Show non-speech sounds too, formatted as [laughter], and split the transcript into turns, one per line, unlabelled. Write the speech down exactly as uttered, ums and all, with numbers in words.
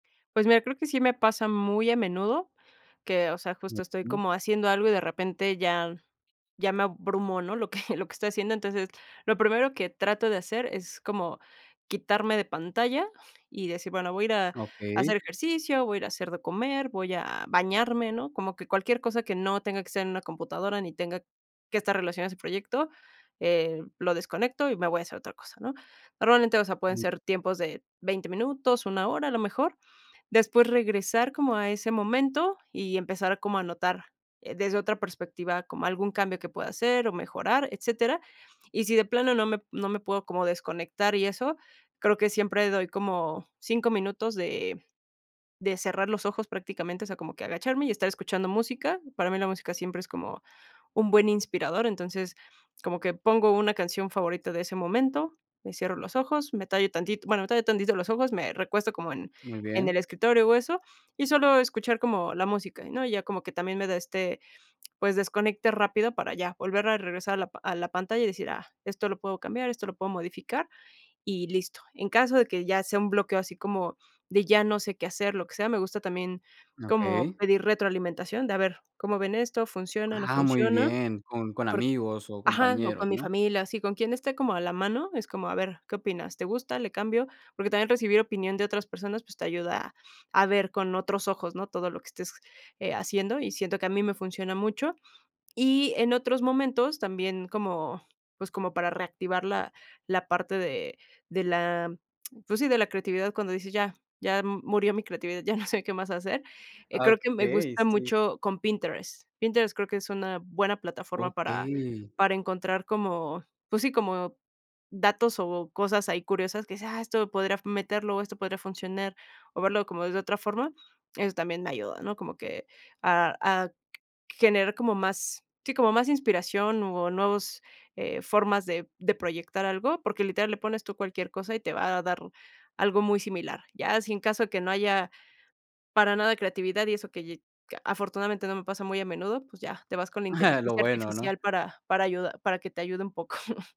Pues mira, creo que sí me pasa muy a menudo que, o sea, justo estoy como haciendo algo y de repente ya ya me abrumo, ¿no?, lo que [chuckles] lo que estoy haciendo. Entonces, lo primero que trato de hacer es como quitarme de pantalla y decir, bueno, voy a ir a
Okey.
hacer ejercicio, voy ir a hacer de comer, voy a bañarme, ¿no? Como que cualquier cosa que no tenga que ser en una computadora ni tenga que estar relacionado a ese proyecto, eh, lo desconecto y me voy a hacer otra cosa, ¿no? Normalmente, o sea, pueden ser tiempos de veinte minutos, una hora, a lo mejor, después regresar como a ese momento y empezar como a notar, eh, desde otra perspectiva como algún cambio que pueda hacer o mejorar, etcétera. Y si de plano no me no me puedo como desconectar y eso, creo que siempre doy como cinco minutos de de cerrar los ojos prácticamente, o sea, como que agacharme y estar escuchando música. Para mí la música siempre es como un buen inspirador, entonces, como que pongo una canción favorita de ese momento, me cierro los ojos, me tallo tantito, bueno, me tallo tantito los ojos, me recuesto como en
Muy
en el
bien.
escritorio o eso, y solo escuchar como la música, ¿no? Ya como que también me da este, pues, desconecte rápido para ya volver a regresar a la pa a la pantalla y decir, ah, esto lo puedo cambiar, esto lo puedo modificar y listo. En caso de que ya sea un bloqueo así como de ya no sé qué hacer, lo que sea, me gusta también como
Okey.
pedir retroalimentación, de a ver, ¿cómo ven esto? ¿Funciona, no
Ah, muy
funciona?
bien, con con
Por
amigos o
ajá, o
compañeros,
con mi
¿no?
familia, así, con quien esté como a la mano, es como, a ver, ¿qué opinas? ¿Te gusta? ¿Le cambio? Porque también recibir opinión de otras personas, pues te ayuda a ver con otros ojos, ¿no? Todo lo que estés, eh, haciendo, y siento que a mí me funciona mucho. Y en otros momentos, también como, pues, como para reactivar la la parte de de la, pues sí, de la creatividad, cuando dices: "Ya, ya m murió mi creatividad, ya no sé qué más hacer". Eh,
Ah,
creo que me
okey,
gusta
sí.
mucho con Pinterest. Pinterest creo que es una buena plataforma para
Okey.
para encontrar como pues sí, como datos o cosas ahí curiosas que dices: "Ah, esto podría meterlo o esto podría funcionar", o verlo como desde otra forma, eso también me ayuda, ¿no? Como que a a generar como más sí, como más inspiración o nuevos, eh, formas de de proyectar algo, porque literal le pones tú cualquier cosa y te va a dar algo muy similar. Ya, si en caso de que no haya para nada creatividad y eso que lle que afortunadamente no me pasa muy a menudo, pues ya te vas con la
[chuckles] Lo
inteligencia
bueno,
artificial
¿no?
para para ayuda para que te ayude un poco. [chuckles]